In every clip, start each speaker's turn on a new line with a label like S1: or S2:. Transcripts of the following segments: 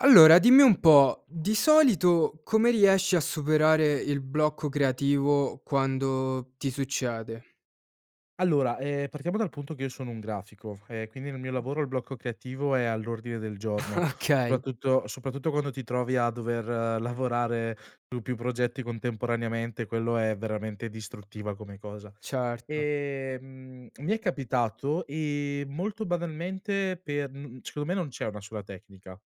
S1: Allora, dimmi un po', di solito come riesci a superare il blocco creativo, quando ti succede?
S2: Allora, ehm, partiamo dal punto che io sono un grafico, e quindi nel mio lavoro il blocco creativo è all'ordine del giorno,
S1: Okay.
S2: soprattutto soprattutto quando ti trovi a dover lavorare su più progetti contemporaneamente, quello è veramente distruttiva come cosa.
S1: Certo.
S2: Ehm, mi è capitato, ehm, molto banalmente per, mhmm, secondo me non c'è una sola tecnica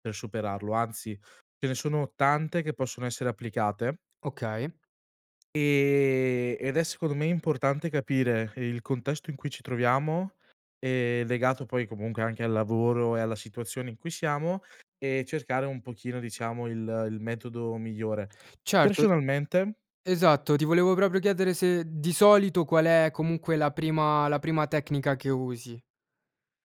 S2: per superarlo anzi, ce ne sono tante che possono essere applicate
S1: Okay.
S2: e ed è secondo me importante capire il contesto in cui ci troviamo, ehm, legato poi comunque anche al lavoro e alla situazione in cui siamo, e cercare un pochino diciamo il il metodo migliore.
S1: Certo,
S2: Personalmente
S1: esatto, ti volevo proprio chiedere se di solito qual è comunque la prima la prima tecnica che usi.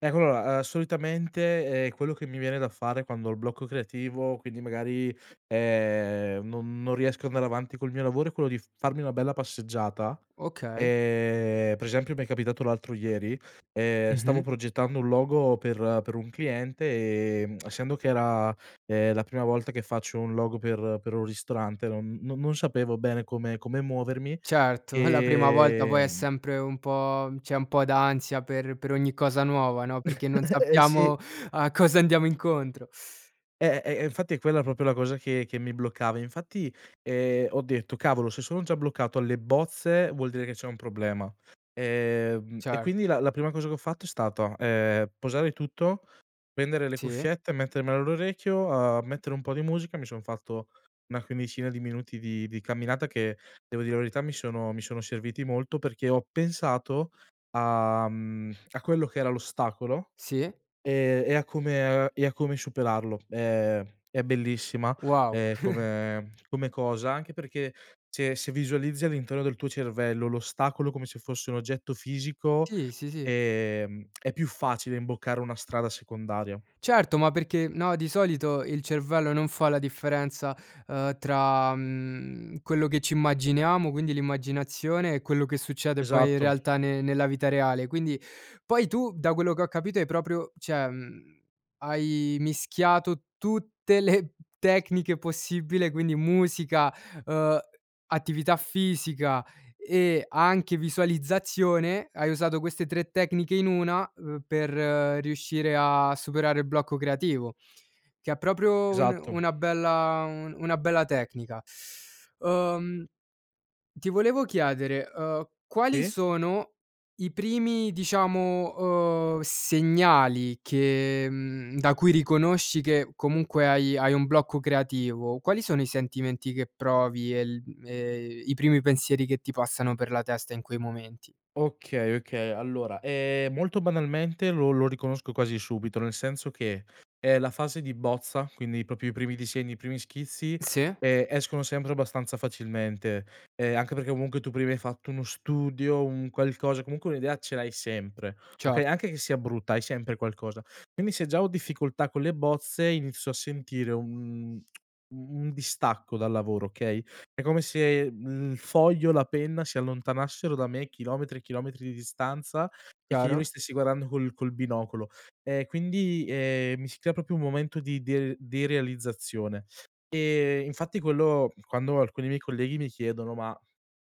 S2: ecco allora solitamente, ehm, quello che mi viene da fare, quando ho il blocco creativo, quindi magari, ehm, non non riesco a andare avanti col mio lavoro, è quello di f farmi una bella passeggiata,
S1: Okay.
S2: ehm, per esempio mi è capitato l'altro ieri, ehm, stavo
S1: Mh-mh.
S2: progettando un logo per per un cliente, ehm, essendo che era, ehm, la prima volta che faccio un logo per per un ristorante, non non non sapevo bene come come muovermi,
S1: Certo, e la prima volta poi è
S2: ehm
S1: sempre un po' c'è un po' d'ansia per per ogni cosa nuova, no, perché non
S2: Eh sì.
S1: sappiamo a cosa andiamo incontro.
S2: Eh, e infatti è quella proprio la cosa che che mi bloccava, infatti, ehm, ho detto: "Cavolo, se sono già bloccato alle bozze, vuol dire che c'è un problema". Ehm, e
S1: Cer
S2: quindi la la prima cosa che ho fatto, è stata, ehm, posare tutto, prendere le
S1: Sì.
S2: cuffiette e mettermele all'orecchio, uhm, mettere un po' di musica, mi son fatto una quindicina di minuti di di camminata, che devo dire la verità mi sono mi sono serviti molto, perché ho pensato a, mhmm, a quello che era l'ostacolo,
S1: Sì.
S2: e e a come e a come superarlo. Ehm, è bellissima,
S1: Wow.
S2: ehm, come come cosa, anche perché se se visualizzi all'interno del tuo cervello l'ostacolo, come se fosse un oggetto fisico,
S1: Sì, sì ,sì.
S2: ehm, è più facile imboccare una strada secondaria.
S1: Certo, ma perché no, di solito il cervello non fa la differenza, ehm, tra, mhmm, quello che ci immaginiamo, quindi, l'immaginazione e quello che succede poi in
S2: Esatto.
S1: realtà ne nella vita reale; quindi, poi tu, da quello che ho capito, hai proprio cioè mhmm, hai mischiato tutte le tecniche possibile: quindi musica, uhm, attività fisica, e anche visualizzazione; hai usato queste 3 tecniche in 1, uhm, per riuscire a superare il blocco creativo, che è proprio un
S2: Esatto.
S1: una bella un una bella tecnica. Uhm, ti volevo chiedere, uhm, quali
S2: E
S1: sono i primi diciamo, uhm, segnali che, mhmm, da cui riconosci che comunque hai hai un blocco creativo; quali sono i sentimenti che provi e il e i primi pensieri che ti passano per la testa in quei momenti?
S2: Okay, okay allora, ehm, molto banalmente lo lo riconosco quasi subito, nel senso che è la fase di bozza quindi, proprio, i primi disegni, i primi schizzi,
S1: Sì?
S2: ehm, escono sempre abbastanza facilmente, eh, anche perché comunque, tu prima hai fatto uno studio, un qualcosa, comunque un'idea ce l'hai sempre, okay,
S1: Certo.
S2: anche che sia brutta, hai sempre qualcosa. Quindi, se già ho difficoltà con le bozze, inizio a sentire un un un distacco dal lavoro okay, è come se, mhmm, il foglio, la penna si allontanassero da me, chilometri e chilometri di distanza, e che io li
S1: Chiaro.
S2: stessi guardando col col binocolo, e quindi, ehm, mi si crea proprio un momento di der derealizzazione, e infatti quello quando alcuni miei colleghi mi chiedono: "Ma,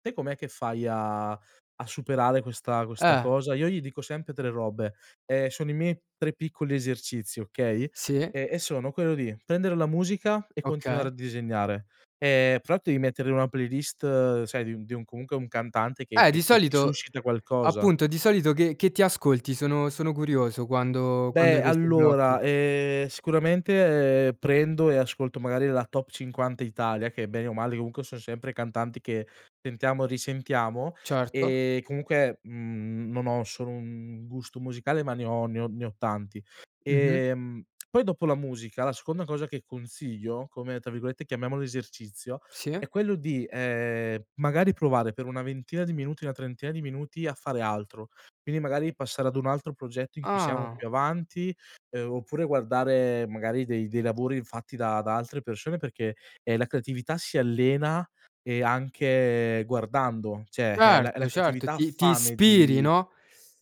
S2: te com'è che fai a a superare questa questa
S1: Eh
S2: cosa?" Io gli dico sempre 3 robe, ehm, sono i miei 3 piccoli esercizi, okay,
S1: Sì.
S2: e e sono: quello di prendere la musica e
S1: Okay.
S2: continuare a disegnare, ehm, fra l'altro devi mettere in una playlist, sai di un di un comunque un cantante, che
S1: Eh, di
S2: che che ti
S1: solito
S2: suscita qualcosa.
S1: appunto di solito che che ti ascolti, sono sono curioso, quando quando
S2: Beh,
S1: hai questi
S2: allora,
S1: blocchi?
S2: ehm, sicuramente prendo e ascolto magari la top 50 Italia, che bene o male comunque son sempre cantanti che sentiamo e risentiamo,
S1: Certo.
S2: ehm, comunque, mhmm, non ho solo 1 gusto musicale, ma ne ho ne ho ne ho tanti;
S1: Mh-mh.
S2: ehm, poi dopo la musica, la seconda cosa che consiglio, come, tra virgolette, chiamiamolo "esercizio",
S1: Sì.
S2: è quello di, ehm, magari provare per una ventina di minuti, una trentina di minuti a fare altro, quindi magari passare ad un altro progetto in cui siamo
S1: Ah.
S2: più avanti, ehm, oppure guardare, magari, dei dei lavori fatti da da altre persone perché, ehm, la creatività si allena, e anche guardando, cioè la la
S1: Certo, certo
S2: creatività ha
S1: ti ti
S2: fame
S1: ispiri
S2: di
S1: no?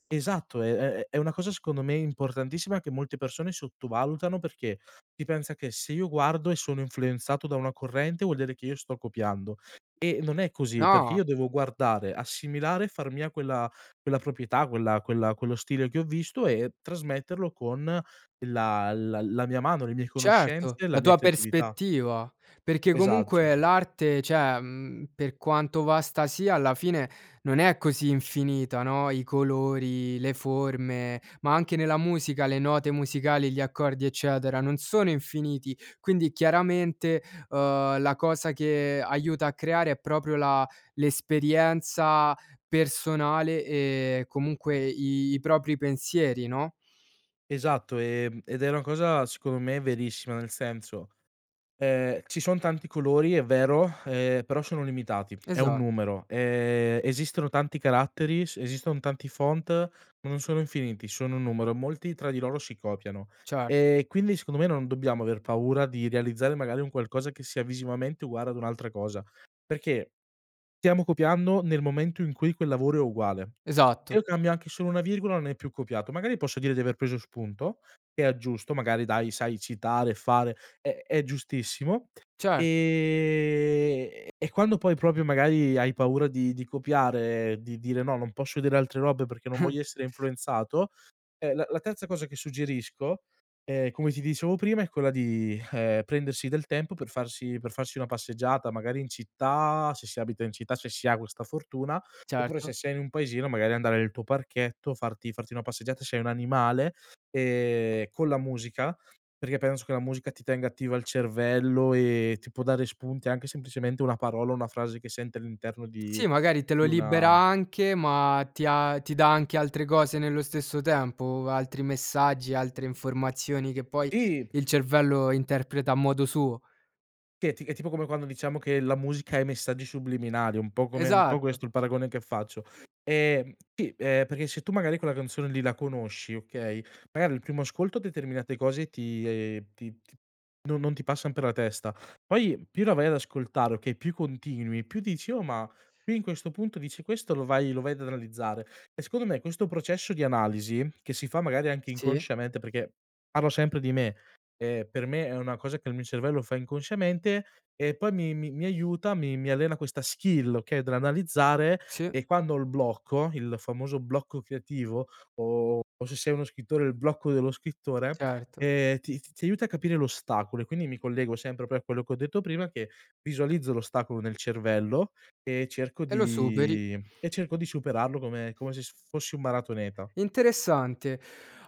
S2: esatto è è è una cosa, secondo me importantissima, che molte persone sottovalutano, perché si pensa che se io guardo e sono influenzato da una corrente, vuol dire che io sto copiando, e non è così perché
S1: Ah.
S2: io devo guardare, assimilare e far mia quella quella proprietà, quella quella quello stile che ho visto, e trasmetterlo con la la la mia mano, le mie
S1: Certo,
S2: conoscenze, la
S1: la
S2: mia
S1: tua
S2: creatività.
S1: prospettiva, perché
S2: Esatto
S1: comunque l'arte cioè, mhmm, per quanto vasta sia, alla fine non è così infinita, no, i colori, le forme, ma anche nella musica le note musicali, gli accordi eccetera, non sono infiniti; quindi chiaramente, ehm, la cosa che aiuta a creare, è proprio la l'esperienza personale, e comunque i propri pensieri, no?
S2: Esatto, e ed è una cosa secondo me verissima, nel senso, ehm, ci son tanti colori, è vero, ehm, però sono limitati, è un
S1: Esatt
S2: numero, ehm, esistono tanti caratteri, s esiston tanti font, ma non sono infiniti, sono un numero, molti tra di loro si copiano,
S1: Cer
S2: e quindi secondo me, non dobbiamo aver paura di realizzare, magari, un qualcosa che sia visivamente uguale ad un'altra cosa, perché, stiamo copiando nel momento in cui quel lavoro è uguale.
S1: Esatto.
S2: Io cambio anche solo una virgola, non è più copiato. Magari posso dire di aver preso spunto, e aggiusto magari dai, sai citare, e fare è è giustissimo.
S1: Cer
S2: Ehm, e quando poi proprio magari hai paura di di copiare, di dire: "No, non posso vedere altre robe perché non voglio essere influenzato", eh, la la terza cosa che suggerisco, ehm, come ti dicevo prima, è quella di, ehm, prendersi del tempo per farsi per farsi una passeggiata, magari in città, se si abita in città, se si ha questa fortuna, oppure se
S1: Certo.
S2: sei in un paesino, magari andare nel tuo parchetto, farti farti una passeggiata se hai un animale, ehm, con la musica, perché penso che la musica ti tenga attiva al cervello, e ti può dare spunti, anche semplicemente una parola, o una frase che sente all'interno di
S1: Sì, magari te lo
S2: di
S1: libera
S2: una
S1: anche, ma ti ha ti dà anche altre cose nello stesso tempo, altri messaggi, altre informazioni che poi
S2: Sì.
S1: il cervello interpreta a modo suo.
S2: Che è ti è tipo come quando diciamo che la musica ha i messaggi subliminali, un po' come un po'
S1: Esatto.
S2: questo il paragone che faccio, ehm, sì, perché se tu magari quella canzone lì la conosci okay, magari il primo ascolto determinate cose ti, ehm, ti ti no non ti passan per la testa, poi, più la vai ad ascoltare, okay, più continui, più dici: "Oh, ma qui in questo punto dice questo" lo vai lo vai ad analizzare. E secondo me, questo processo di analisi, che si fa magari anche
S1: Sì.
S2: inconsciamente, perché, parlo sempre di me, ehm, per me è una cosa che il mio cervello fa inconsciamente, e poi mi mi mi aiuta, mi mi allena questa skill okay, dell'analizzare,
S1: Sì.
S2: e quando ho il blocco il famoso blocco creativo, o o se sei uno scrittore, il blocco dello scrittore,
S1: Certo.
S2: ehm, ti ti ti aiuta a capire l'ostacolo, e quindi, mi collego sempre pro a quello che ho detto prima, che visualizzo l'ostacolo nel cervello, e cerco
S1: E lo superi.
S2: di e cerco di superarlo come come se s fossi un maratoneta.
S1: Interessante.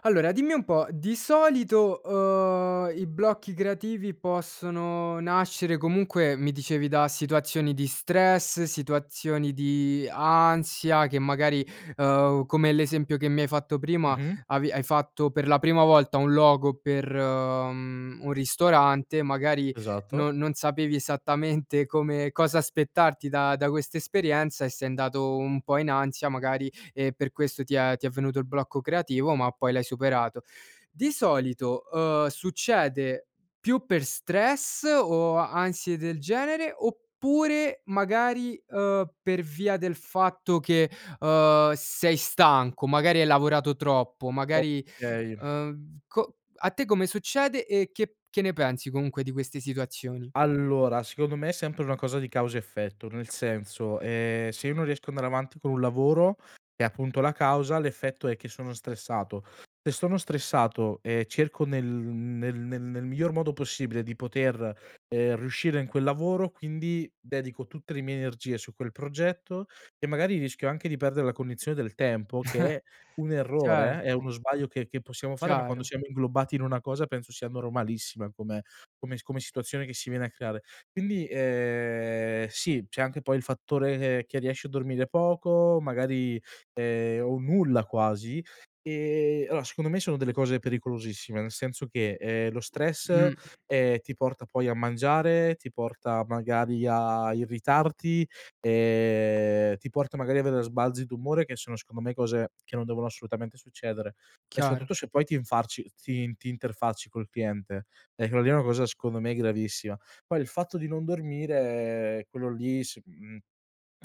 S1: Allora, dimmi un po', di solito, uhm, i blocchi creativi possono nascere, comunque, mi dicevi da situazioni di stress, situazioni di ansia, che magari, uhm, come l'esempio che mi hai fatto prima,
S2: Mh-mh.
S1: avi hai fatto per la prima volta un logo per, mhmm, un ristorante magari,
S2: Esatto.
S1: non non sapevi esattamente come cosa aspettarti da da questa esperienza, e sei andato un po' in ansia magari, e per questo ti è ti è venuto il blocco creativo, ma poi l'hai superato. Di solito, uhm, succede più per stress, o ansie del genere, oppure magari, uhm, per via del fatto che, uhm, sei stanco, magari hai lavorato troppo, magari,
S2: Okay.
S1: uhm, co a te come succede, e che che ne pensi comunque di queste situazioni?
S2: Allora, secondo me è sempre una cosa di causa effetto, nel senso, ehm, se io non riesco ad andare avanti con un lavoro, è appunto la causa, l'effetto è che sono stressato. Se sono stressato e cerco nel nel nel nel miglior modo possibile di poter, ehm, riuscire in quel lavoro, quindi dedico tutte le mie energie su quel progetto, e magari rischio anche di perdere la cognizione del tempo, che è un errore, è
S1: Certo.
S2: uno sbaglio, che che possiamo fare, ma quando
S1: Chiaro.
S2: siamo inglobati in una cosa, penso sia normalissima come come s come situazione che si viene a creare. Quindi, ehm, sì, c'è anche poi il fattore che che riesci a dormire poco, magari, ehm, o nulla quasi, e allora secondo me, sono delle cose pericolosissime, nel senso che, ehm, lo stress,
S1: Mh.
S2: ehm, ti porta poi a mangiare, ti porta magari a irritarti, ehm, ti porta magari avere sbalzi d'umore, che sono secondo me cose che non devono assolutamente succedere, e
S1: Chiaro.
S2: soprattutto se poi ti infarci ti ti interfacci col cliente, e quello lì è una cosa secondo me gravissima. Poi, il fatto di non dormire, ehm, quello lì, s mhmm,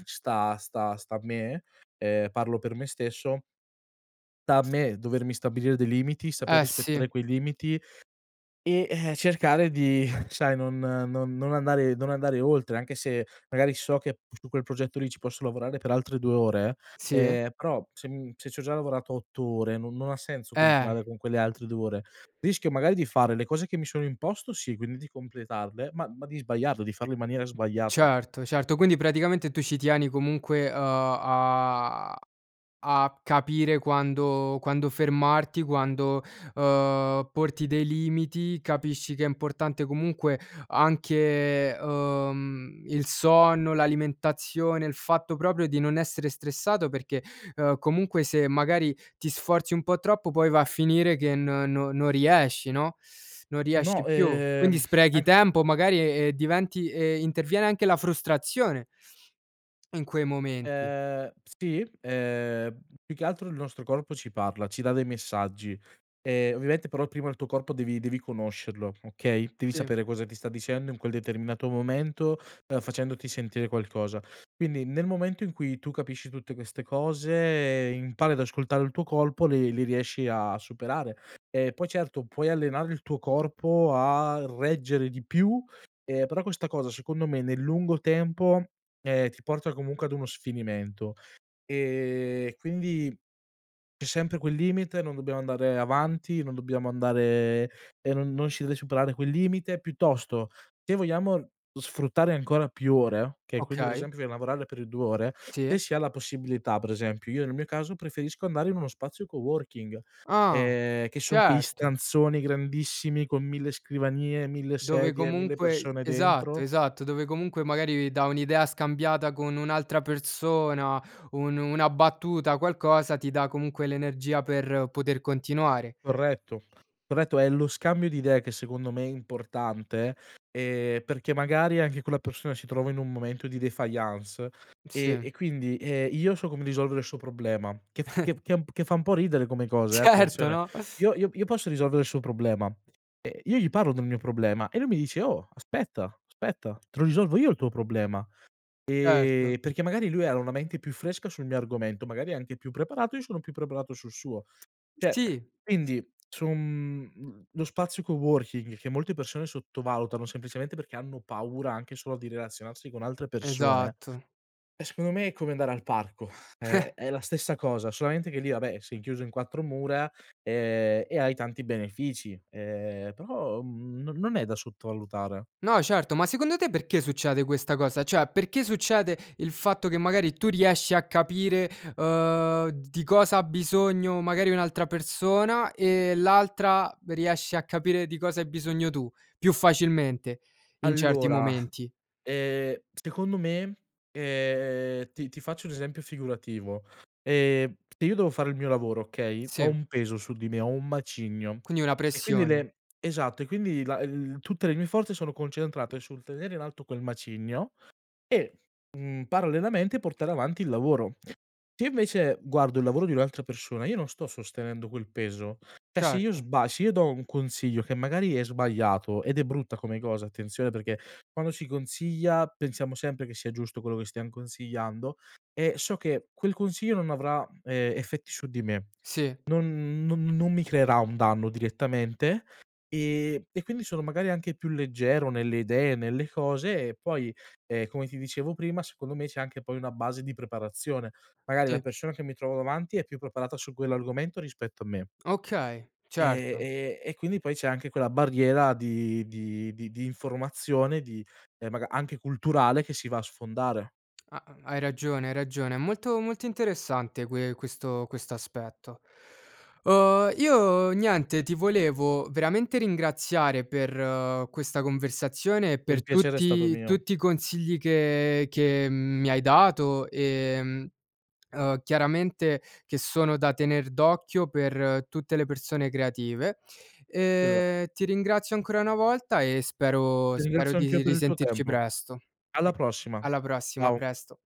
S2: sta sta sta a me, ehm, parlo per me stesso sta a me, dovermi stabilire dei limiti, saper
S1: Eh si.
S2: rispettare quei limiti, e, ehm, cercare di, sai non non non andare non andare oltre, anche se magari so che p su quel progetto lì, ci posso lavorare per altre 2 ore,
S1: Sì.
S2: ehm, però se, mhmm, se c'ho già lavorato 8 ore, non non ha senso
S1: Eh
S2: continuare con quelle altre 2 ore, rischio magari di fare le cose che mi sono imposto sì, quindi di completarle, ma ma di sbagliarle, di farle in maniera sbagliata.
S1: Certo, certo, quindi praticamente tu ci tieni comunque, uhm, a a capire quando quando fermarti, quando, uhm, porti dei limiti, capisci che è importante comunque anche, uhm, il sonno, l'alimentazione, il fatto proprio di non essere stressato, perché, ehm, comunque, se magari ti sforzi un po' troppo, poi va a finire che n no non riesci, no, non
S2: No,
S1: riesci più. Quindi
S2: ehm,
S1: sprechi
S2: [unintelligible]
S1: tempo, magari, e diventi e interviene anche la frustrazione in quei momenti.
S2: Ehm, sì, ehm, più che altro il nostro corpo ci parla, ci dà dei messaggi, e ovviamente però prima il tuo corpo, devi devi conoscerlo, okay, devi
S1: Sì.
S2: sapere cosa ti sta dicendo in quel determinato momento, ehm, facendoti sentire qualcosa. Quindi, nel momento in cui tu capisci tutte queste cose, impari ad ascoltare il tuo corpo, le le riesci a superare. E poi certo, puoi allenare il tuo corpo a reggere di più, ehm, però questa cosa secondo me, nel lungo tempo, ehm, ti porta comunque ad uno sfinimento. Ehm, quindi c'è sempre quel limite, non dobbiamo andare avanti, non dobbiamo andare, e non non si deve superare quel limite; piuttosto, se vogliamo sfruttare ancora più ore, okay, quindi per
S1: Okay.
S2: esempio [unintelligible] a lavorare per i 2 ore, se
S1: Sì.
S2: si ha la possibilità per esempio, io nel mio caso preferisco andare in uno spazio coworking,
S1: Ah,
S2: ehm, che son quei
S1: certo!
S2: stanzoni grandissimi con 1000 scrivanie, 1000
S1: Dove
S2: sedie, 1000
S1: comunque
S2: persone
S1: esatto,
S2: dentro.
S1: esatto dove comunque magari dà un'idea scambiata con un'altra persona, un una battuta, qualcosa ti dà comunque l'energia per poter continuare.
S2: Corretto, corretto, è lo scambio di idee che secondo me è importante, ehm, perché magari anche quella persona si trova in un momento di défaillance, e
S1: Sì.
S2: e quindi, ehm, io so come risolvere il suo problema, che f che che che fa un po' ridere come cosa, ehm,
S1: Certo
S2: attenzione
S1: no?
S2: io io io posso risolvere il suo problema, e io gli parlo del mio problema, e lui mi dice: "Oh, aspetta, aspetta te lo risolvo io il tuo problema".
S1: Certo.
S2: Ehm, perché magari lui era una mente più fresca sul mio argomento, magari è anche più preparato, e io sono più preparato sul suo. Cioè
S1: Sì, s
S2: quindi, su un lo spazio coworking che molte persone sottovalutano, semplicemente perché hanno paura, anche solo di relazionarsi con altre persone,
S1: Esatto.
S2: eh secondo me è come andare al parco, è è la stessa cosa, solamente che lì, vabbè, sei chiuso in 4 mura, ehm, e hai tanti benefici, ehm, però non non è da sottovalutare.
S1: No certo, ma secondo te perché succede questa cosa; cioè perché succede il fatto che, magari tu riesci a capire, uhm, di cosa ha bisogno magari un'altra persona e l'altra riesce a capire di cosa hai bisogno tu, più facilmente, in certi
S2: Allora,
S1: momenti?
S2: ehm, secondo me, ehm, ti ti faccio un esempio figurativo: ehm, se io devo fare il mio lavoro, okay, ho
S1: Sì.
S2: un peso su di me, ho un macigno,
S1: Quindi una
S2: e quindi
S1: pressione.
S2: le esatto, e quindi la l tutte le mie forze, sono concentrate sul tenere in alto quel macigno, e, mhmm, parallelamente portare avanti il lavoro. Se io invece guardo il lavoro di un'altra persona, io non sto sostenendo quel peso, cioè se io
S1: Certo.
S2: sba se io do un consiglio che magari è sbagliato, ed è brutta come cosa attenzione, perché quando si consiglia pensiamo sempre che sia giusto quello che stiam consigliando e so che quel consiglio non avrà, ehm, effetti su di me,
S1: Sì.
S2: non non non mi creerà un danno direttamente, ehm, e quindi sono magari anche più leggero nelle idee e nelle cose e poi, ehm, come ti dicevo prima, secondo me c'è anche poi una base di preparazione, magari la
S1: Sì.
S2: persona che mi trovo davanti è più preparata su quell'argomento rispetto a me
S1: Okay,
S2: e
S1: certo.
S2: e e quindi poi c'è anche quella barriera di di di di informazione di ehm, maga anche culturale, che si va a sfondare.
S1: Ha hai ragione, hai ragione, è molto molto interessante, que questo aspetto. Uhm, io niente, ti volevo veramente ringraziare per questa conversazione, e
S2: Il
S1: per
S2: piacere è stato
S1: tutti
S2: mio.
S1: tutti i consigli che che mi hai dato, ehm, uhm, chiaramente che sono da tener d'occhio per tutte le persone creative,
S2: Esa
S1: ehm, ti ringrazio ancora una volta, e spero
S2: Ti
S1: spero
S2: ringrazio anch'io
S1: di
S2: per il tuo
S1: risentirci
S2: tempo.
S1: presto.
S2: Alla prossima.
S1: Alla prossima, a
S2: Ciao.
S1: presto.